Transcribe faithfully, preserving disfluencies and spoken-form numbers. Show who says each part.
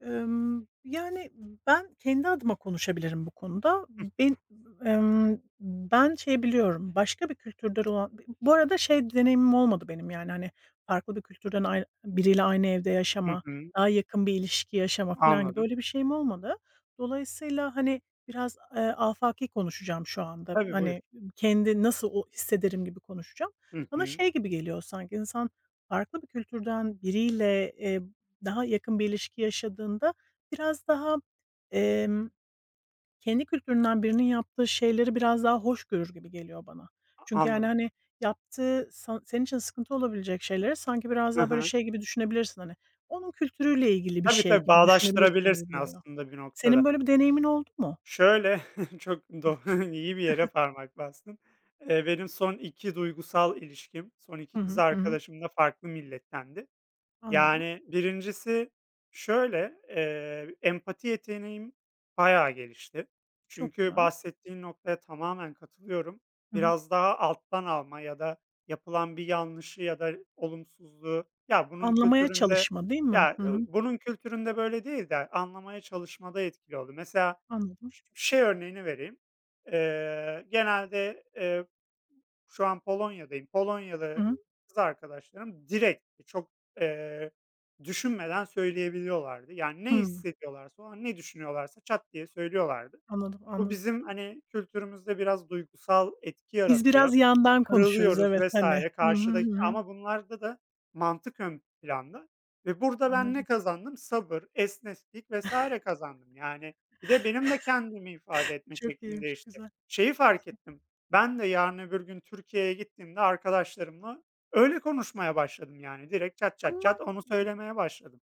Speaker 1: Emm, yani ben kendi adıma konuşabilirim bu konuda.
Speaker 2: Hıh.
Speaker 1: Bin emm, ben şeyi biliyorum, başka bir kültürden olan b bu arada şey deneyimim olmadı benim, yani, hani, farklı bir kültürden ay biriyle aynı evde
Speaker 2: Hı
Speaker 1: yaşama,
Speaker 2: hı.
Speaker 1: daha yakın bir ilişki yaşama filan gibi.
Speaker 2: Anladım.
Speaker 1: Öyle bir şeyim olmadı. Dolayısıyla, hani, biraz, eee, afaki konuşacağım şu anda.
Speaker 2: Tabii buyur.
Speaker 1: Hani, kendi nasıl o hissederim gibi konuşacağım.
Speaker 2: Hı
Speaker 1: Bana
Speaker 2: hı.
Speaker 1: şey gibi geliyor sanki insan farklı bir kültürden biriyle, eee, daha yakın bir ilişki yaşadığında biraz daha, emm kendi kültüründen birinin yaptığı şeyleri biraz daha hoş görür gibi geliyor bana.
Speaker 2: A
Speaker 1: Çünkü yani,
Speaker 2: anladım.
Speaker 1: hani, yaptığı sa senin için sıkıntı olabilecek şeyleri sanki biraz
Speaker 2: Hı
Speaker 1: daha böyle
Speaker 2: hı.
Speaker 1: şey gibi düşünebilirsin, hani, onun kültürüyle ilgili bir
Speaker 2: Tabii,
Speaker 1: şey
Speaker 2: tabii
Speaker 1: gibi düşünebilirsin gibi
Speaker 2: bağdaştırabilirsin
Speaker 1: geliyor.
Speaker 2: aslında bir
Speaker 1: Senin
Speaker 2: noktada.
Speaker 1: böyle bir deneyimin oldu mu?
Speaker 2: Şöyle, çok doğ iyi bir yere parmak bastın. Eee, benim son iki duygusal ilişkim, son iki
Speaker 1: Hı
Speaker 2: kız
Speaker 1: hı, hı hı.
Speaker 2: arkadaşım da farklı millettendi.
Speaker 1: Anladım.
Speaker 2: Yani birincisi şöyle, eee, empati yeteneğim bayağı gelişti.
Speaker 1: Çok
Speaker 2: Çünkü
Speaker 1: güzel.
Speaker 2: bahsettiğin noktaya tamamen katılıyorum.
Speaker 1: Hı hı.
Speaker 2: Biraz daha alttan alma ya da yapılan bir yanlışı ya da olumsuzluğu, ya bunun
Speaker 1: Anlamaya
Speaker 2: kültüründe
Speaker 1: çalışma, değil mi?
Speaker 2: ya
Speaker 1: Hı hı.
Speaker 2: bunun kültüründe böyle değil de a anlamaya çalışmada etkili oldu. Mesela
Speaker 1: Anladım.
Speaker 2: ş şey örneğini vereyim: Eee, genelde, eee şu an Polonya'dayım.
Speaker 1: Hı
Speaker 2: Polonyalı
Speaker 1: hı.
Speaker 2: kız arkadaşlarım direkt çok, eee, düşünmeden söyleyebiliyorlardı. Yani ne
Speaker 1: Hımm.
Speaker 2: hissediyorlarsa, o an ne düşünüyorlarsa çat diye söylüyorlardı.
Speaker 1: Anladım,
Speaker 2: Bu
Speaker 1: anladım.
Speaker 2: bizim hani kültürümüzde biraz duygusal etki
Speaker 1: Biz
Speaker 2: yaratıyor,
Speaker 1: biraz yandan konuşuruz.
Speaker 2: kırılıyoruz
Speaker 1: Evet,
Speaker 2: vs.
Speaker 1: hani. Hı hı,
Speaker 2: karşıdaki.
Speaker 1: hı hı.
Speaker 2: Ama bunlarda da mantık ön planda ve burada ben ne
Speaker 1: Anladım.
Speaker 2: kazandım? Sabır, esneklik vs. kazandım yani. Bir de benim de kendimi ifade etme
Speaker 1: Çok
Speaker 2: şeklim
Speaker 1: iyiymiş.
Speaker 2: değişti.
Speaker 1: Güzel.
Speaker 2: Şeyi fark
Speaker 1: Güzel.
Speaker 2: ettim: Ben de yarın öbür gün Türkiye'ye gittiğimde arkadaşlarımla öyle konuşmaya başladım. Yani direkt çat çat
Speaker 1: Ama
Speaker 2: çat onu söylemeye başladım.